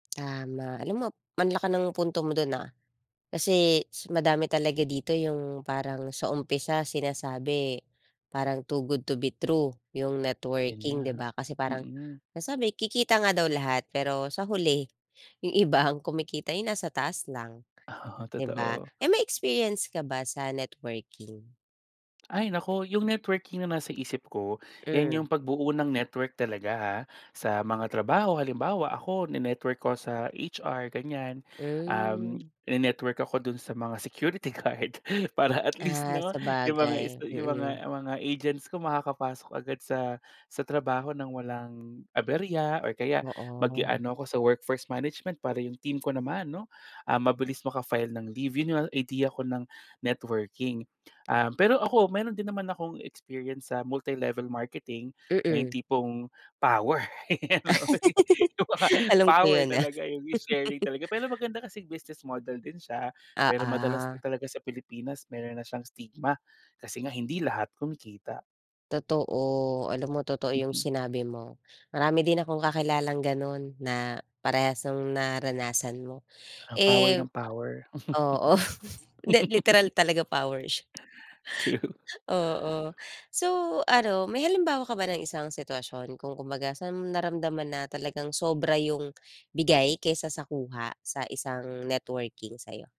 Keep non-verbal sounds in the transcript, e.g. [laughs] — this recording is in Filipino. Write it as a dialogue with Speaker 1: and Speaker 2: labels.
Speaker 1: [clicks tongue] Tama. Alam mo, ang laki ng punto mo dun, ah, kasi madami talaga dito yung parang sa umpisa, sinasabi parang too good to be true yung
Speaker 2: 'Yan nga,
Speaker 1: networking di ba, kasi parang
Speaker 2: mm.
Speaker 1: nasabi kikita nga daw lahat pero sa huli, yung iba ang kumikita yung nasa taas lang
Speaker 2: Oo,
Speaker 1: di ba?
Speaker 2: totoo.
Speaker 1: Eh, may experience ka ba sa networking?
Speaker 2: Ay, naku! Yung networking naman sa isip ko, 'yan
Speaker 1: Hmm.
Speaker 2: yung pagbuo ng network talaga, ha, sa mga trabaho. Halimbawa ako, ni-network ko sa HR ganyan, um,
Speaker 1: Hmm.
Speaker 2: ine-network ako dun sa mga security guard para at
Speaker 1: [clicks tongue]
Speaker 2: least
Speaker 1: Ah,
Speaker 2: 'no, yung mga
Speaker 1: sabagay.
Speaker 2: sta yung
Speaker 1: Mm.
Speaker 2: mga mga agents ko makakapasok agad sa sa trabaho ng walang aberya or kaya mag-i
Speaker 1: Oo.
Speaker 2: ano ako sa workforce management para yung team ko naman 'no, ah, mabilis maka-file ng leave. Yun yung idea ko ng networking. Um, pero ako meron din naman akong experience sa multi-level marketing na yung
Speaker 1: Mm.
Speaker 2: tipong power, kumbaga
Speaker 1: [laughs] Alam ko
Speaker 2: power
Speaker 1: yun, ah.
Speaker 2: talaga yung may sharing talaga pero
Speaker 1: [chuckles]
Speaker 2: maganda kasi business model din siya pero madalas
Speaker 1: Oo.
Speaker 2: lang talaga sa Pilipinas meron na siyang stigma kasi nga hindi lahat kumikita.
Speaker 1: Totoo, alam mo totoo yung
Speaker 2: Mhm.
Speaker 1: sinabi mo, marami din akong kakilalang ganun na parehas nung naranasan mo.
Speaker 2: Ang power
Speaker 1: Eh
Speaker 2: ng power.
Speaker 1: oo, hindi
Speaker 2: [laughs]
Speaker 1: literal talaga powers.
Speaker 2: True.
Speaker 1: Oo. So, ano may halimbawa ka ba ng isang sitwasyon kung kumbaga saan mo naramdaman na talagang sobra yung bigay kaysa sa kuha sa isang networking sa'yo?